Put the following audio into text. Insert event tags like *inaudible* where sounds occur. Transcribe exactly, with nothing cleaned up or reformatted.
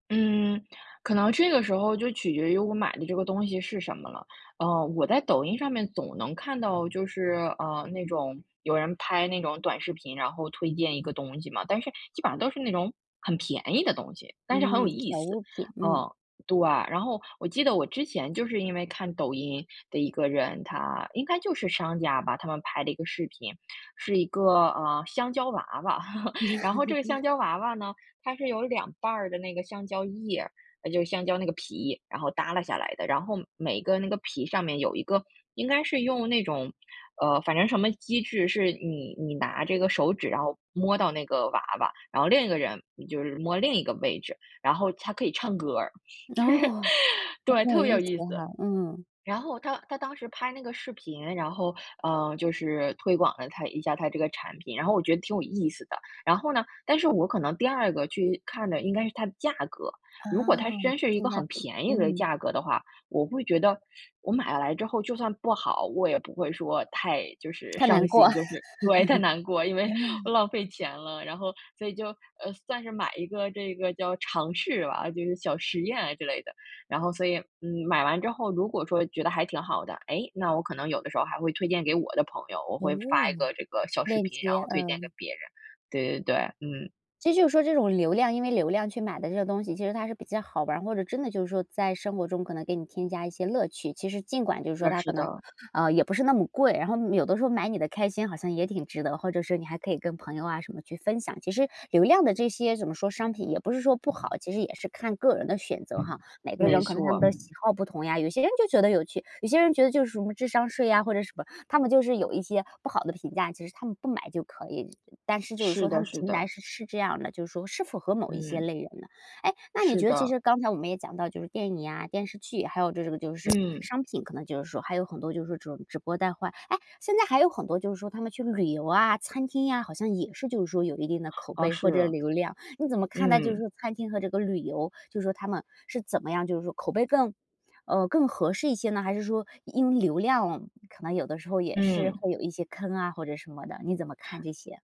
嗯，可能这个时候就取决于我买的这个东西是什么了。呃，我在抖音上面总能看到就是，呃，那种有人拍那种短视频，然后推荐一个东西嘛，但是基本上都是那种很便宜的东西，但是很有嗯，意小思。物品，嗯。嗯，对。然后我记得我之前就是因为看抖音的一个人，他应该就是商家吧，他们拍的一个视频。是一个，呃，香蕉娃娃，*laughs* 然后这个香 *laughs* 蕉娃娃呢，它是有两瓣儿的那个香蕉叶呃，就是香蕉那个皮，然后耷拉下来的，然后每个那个皮上面有一个应该是用那种，呃，反正什么机制是你你拿这个手指，然后摸到那个娃娃，然后另一个人你就是摸另一个位置，然后它可以唱歌儿，就是哦，还对，挺有特别意有思意的思。哈，嗯。然后他他当时拍那个视频，然后，嗯，就是推广了他一下他这个产品，然后我觉得挺有意思的。然后呢，但是我可能第二个去看的应该是它的价格，啊，如果它真是一性个价很比，便宜的嗯。价格的话，我会觉得我买来之后就算不好，我也不会说太就是太难伤过。心，就是对，太难过，因为，呃，浪 *laughs* 费钱了。然后，所以就，呃，算是买一个这个叫尝试吧，就是小实验啊之类的。然后所以，嗯，买完之后，如果说觉得还挺好的，诶，那我可能有的时候还会推荐给我的朋友，我哦，会发一个这个小视链频，然接，后推荐给嗯。别人。对对对。嗯。其实就是说这种流量因为流量去买的这些东西，其实它是比较好玩儿，或者真的就是说在生活中，可能给你添加一些乐趣。其实尽管就是说那它是可能，的。啊，也不是那么贵，然后，嗯，有的时候买你的开心好像也挺值得，或者是你还可以跟朋友啊什么去分享。其实，流量的这些怎么说，商品也不是说不好，其实也是看个人的选择哈。每个没人可能他们错。的喜好不同呀，有些人就觉得有趣，有些人觉得就是什么智商税呀，或者什么。他们就是有一些不好的评价，其实他们不买就可以。但是就是是说，他的们是平的。台是是这样的，就是说是符合某一些嗯。类人的。诶，那你是觉得其的。实刚才我们也讲到就是电影啊、电视剧，还有这种就是嗯。商品，可能就是说还有很多就是这种直播带货。哎，现在还有很多就是说他们去旅游啊、餐厅呀，好像也是就是说有一定的口哦，碑或者是。流量。你怎么看待就是嗯。这个餐厅和这个旅游，就说他们是怎么样就是说口碑更呃，更合适一些呢？还是说因为流量可能有的时候也是嗯。会有一些坑啊或者什么的，你怎么看这些？